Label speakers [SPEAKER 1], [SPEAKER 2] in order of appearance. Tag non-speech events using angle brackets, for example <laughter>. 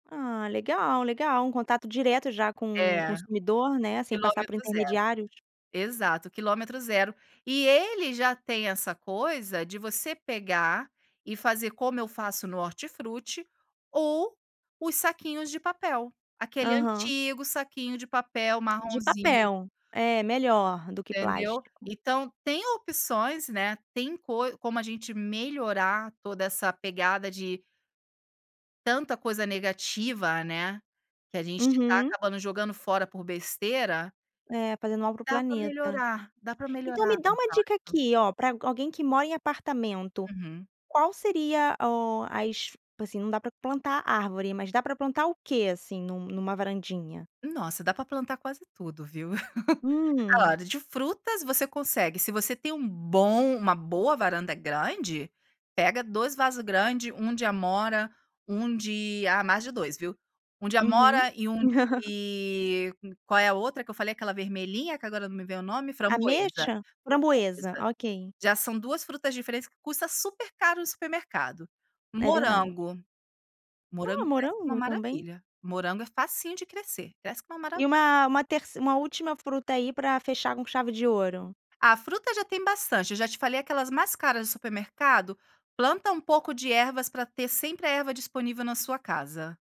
[SPEAKER 1] Ah legal, legal, um contato direto já com o
[SPEAKER 2] É,
[SPEAKER 1] consumidor, né, sem passar por
[SPEAKER 2] quilômetro 0,
[SPEAKER 1] intermediários?
[SPEAKER 2] exato, quilometro 0, e ele já tem essa coisa de você pegar e fazer, como eu faço no hortifruti, ou os saquinhos de papel, aquele
[SPEAKER 1] Aham.
[SPEAKER 2] antigo saquinho de papel
[SPEAKER 1] De
[SPEAKER 2] marronzinho.
[SPEAKER 1] papel, é melhor do que
[SPEAKER 2] Entendeu,
[SPEAKER 1] plástico.
[SPEAKER 2] então, tem opções, né, tem coi como a gente melhorar, toda essa pegada de tanta coisa negativa, né, que a gente tá
[SPEAKER 1] Uhum.
[SPEAKER 2] acabando jogando fora por besteira
[SPEAKER 1] É, fazendo algo para o
[SPEAKER 2] dá pra
[SPEAKER 1] planeta,
[SPEAKER 2] melhorar, dá pra
[SPEAKER 1] então, me
[SPEAKER 2] melhorar
[SPEAKER 1] dá uma dica
[SPEAKER 2] exato.
[SPEAKER 1] aqui, ó, pra alguém que mora em apartamento,
[SPEAKER 2] Uhum.
[SPEAKER 1] qual seria, ó, as assim, não dá pra plantar árvore, mas dá pra plantar o que, assim, em num numa varandinha?
[SPEAKER 2] Nossa, dá pra plantar quase tudo viu. <chuckles>
[SPEAKER 1] Hum.
[SPEAKER 2] Salada de frutas você consegue, se você tem um bom uma boa varanda grande, pega 2 vaso grande, 1 de amora, 1 de ah mais de 2 viu, 1 de
[SPEAKER 1] Uhum.
[SPEAKER 2] amora e 1
[SPEAKER 1] <chuckles>
[SPEAKER 2] de qual é a outra que eu falei, aquela vermelhinha que agora não me vem o nome? Framboesa,
[SPEAKER 1] Ameixa? Framboesa,
[SPEAKER 2] framboesa,
[SPEAKER 1] ok.
[SPEAKER 2] já são 2 frutas diferentes que custa super caro no supermercado.
[SPEAKER 1] É verdade.
[SPEAKER 2] Morango, morango
[SPEAKER 1] Ó,
[SPEAKER 2] cresce como uma
[SPEAKER 1] morango também?
[SPEAKER 2] maravilha, morango é facinho de crescer, cresce como uma mara
[SPEAKER 1] E uma uma terçe uma última fruta aí, pra fechar com chave de ouro.
[SPEAKER 2] Ah, fruta já tem bastante, eu já te falei aquelas mais caras do supermercado, planta um pouco de ervas, pra ter sempre a erva disponível na sua casa.